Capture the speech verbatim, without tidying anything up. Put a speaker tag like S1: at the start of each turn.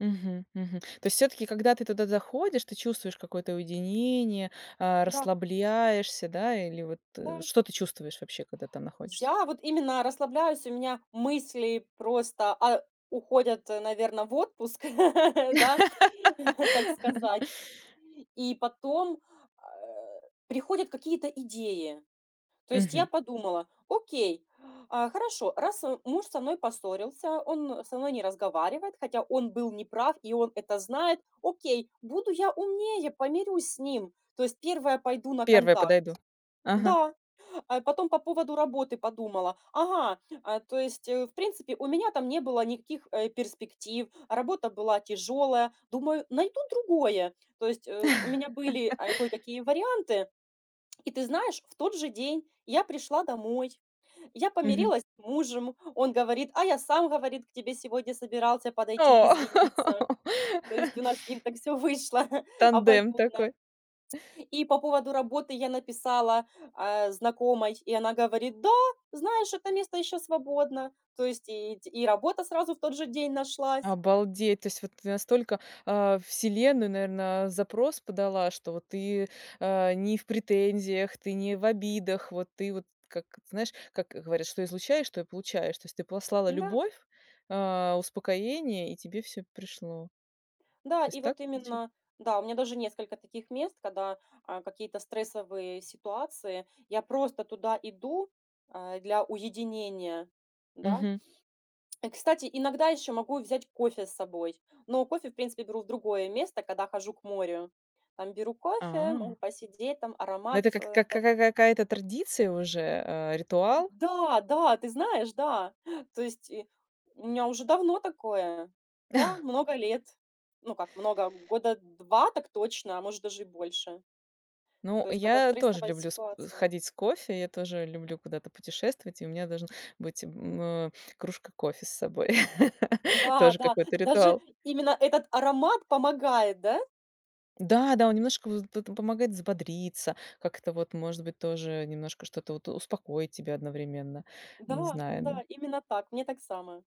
S1: Мгм мгм. То есть всё-таки, когда ты туда заходишь, ты чувствуешь какое-то уединение, а,
S2: Да.
S1: расслабляешься, да? Или, вот, э,
S2: Да.
S1: что ты чувствуешь вообще, когда там находишься?
S2: Я вот именно расслабляюсь, у меня мысли просто, а, уходят, наверно, в отпуск, да, так сказать. И потом, а, приходят какие-то идеи. То есть, я
S1: Мгм.
S2: подумала: "Окей, а, хорошо, раз, а, муж со мной поссорился, он со мной не разговаривает, хотя он был неправ и он это знает, окей, буду я умнее, помирюсь с ним, то есть первая пойду на
S1: Первая
S2: контакт".
S1: подойду. Ага.
S2: Да, а, потом по поводу работы подумала: "Ага, а, то есть, э, в принципе, у меня там не было никаких, э, перспектив, работа была тяжёлая, думаю, найду другое". То есть, э, у меня были, а, кое-какие варианты. И ты знаешь, в тот же день я пришла домой, я
S1: Мгм.
S2: помирилась с мужем. Он говорит: "А я сам". Говорит: "К тебе сегодня собирался подойти
S1: О.
S2: извиниться". То есть у нас с ним так всё вышло
S1: Тандем
S2: обоюдно.
S1: такой.
S2: И по поводу работы я написала, а, знакомой, и она говорит: "Да, знаешь, это место ещё свободно". То есть и те и работа сразу в тот же день нашлась.
S1: Обалдеть, то есть, вот ты настолько, э, Вселенная, наверное, запрос подала, что ты, а, не в претензиях, ты не в обидах. Вот ты вот, как, знаешь, как говорят: "Что излучаешь, то и получаешь". То есть ты послала
S2: Н-да.
S1: любовь, а, успокоение, и тебе всё пришло.
S2: Да.
S1: То
S2: И
S1: есть так
S2: вот
S1: получа
S2: именно, да, у меня даже несколько таких мест, когда, а, какие-то стрессовые ситуации, я просто туда иду, а, для уединения. Да?
S1: Мгм.
S2: Э, кстати, иногда ещё могу взять кофе с собой, но кофе, в принципе, беру в другое место, когда хожу к морю, там, беру кофе,
S1: А.
S2: могу посидеть, там,
S1: Ну,
S2: аромат,
S1: это как
S2: а,
S1: как как
S2: там
S1: как какая-то традиция уже, э, ритуал?
S2: Да да, ты знаешь, да. То есть, э, у меня уже давно такое. Да, много лет. Ну, как много, года два так точно, а может даже и больше.
S1: Ну,
S2: То есть, когда
S1: я тоже
S2: стрессовая
S1: люблю с к
S2: ситуация.
S1: ходить с кофе. Я тоже люблю куда-то путешествовать, и у меня должна быть, м, э, кружка кофе с собой.
S2: Да
S1: Тоже
S2: да,
S1: какой-то
S2: даже
S1: ритуал.
S2: именно этот аромат помогает, да?
S1: Да, да, он немножко вот, вот он помогает взбодриться, как-то вот, может быть, тоже немножко что-то вот успокоить тебя одновременно, не
S2: Да
S1: знаю, ну
S2: да. Именно так, мне так само.